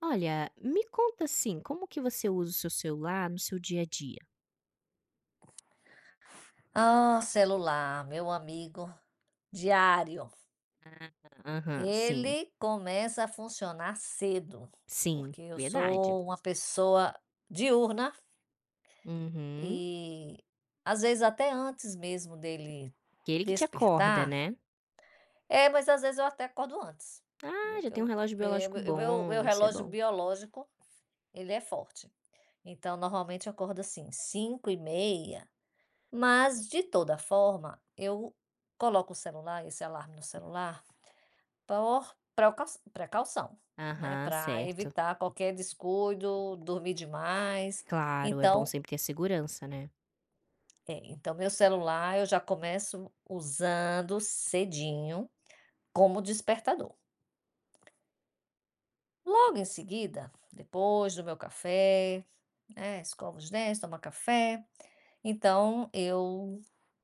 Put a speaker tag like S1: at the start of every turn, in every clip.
S1: Olha, me conta assim, como que você usa o seu celular no seu dia a dia?
S2: Ah, celular, meu amigo diário.
S1: Ah, aham, sim.
S2: Ele começa a funcionar cedo,
S1: Sim,
S2: porque eu
S1: verdade.
S2: sou uma pessoa diurna.
S1: Uhum.
S2: E, às vezes, até antes mesmo dele
S1: Que ele que te acorda,
S2: despertar
S1: né.
S2: É, mas às vezes eu até acordo antes,
S1: Ah,
S2: viu,
S1: já
S2: que
S1: tem um
S2: eu
S1: relógio
S2: porque
S1: biológico
S2: meu meu meu
S1: bom, isso é
S2: relógio
S1: bom.
S2: biológico, ele é forte. Então, normalmente, eu acordo assim, 5h30, mas de toda forma, eu coloco o celular, esse alarme no celular, por proca precaução, né,
S1: Aham,
S2: para
S1: certo.
S2: evitar qualquer descuido, dormir demais.
S1: Claro, é bom
S2: Então
S1: sempre ter a segurança, né.
S2: É, então meu celular, eu já começo usando cedinho, como despertador. Logo em seguida, depois do meu café, né, escova os dentes, toma café, então eu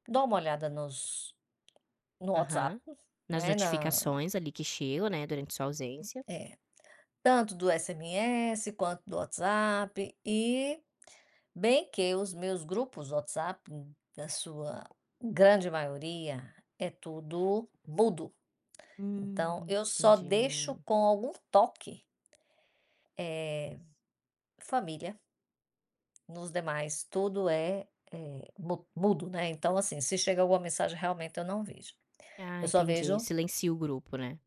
S2: dou uma olhada nos no WhatsApp,
S1: Aham. Nas
S2: né na
S1: notificações, ali, que chegam, né, durante sua
S2: [unintelligible]
S1: ausência.
S2: É, tanto do SMS, quanto do WhatsApp e bem que os meus grupos, o WhatsApp, da sua grande maioria, é tudo mudo. Então
S1: Hum,
S2: eu só deixo
S1: entendi.
S2: com algum toque, eh, família. Nos demais, tudo é é mu mudo, né, então assim, se chega alguma mensagem, realmente, eu não vejo.
S1: Ah,
S2: Eu só
S1: entendi,
S2: vejo
S1: silencia o grupo, né.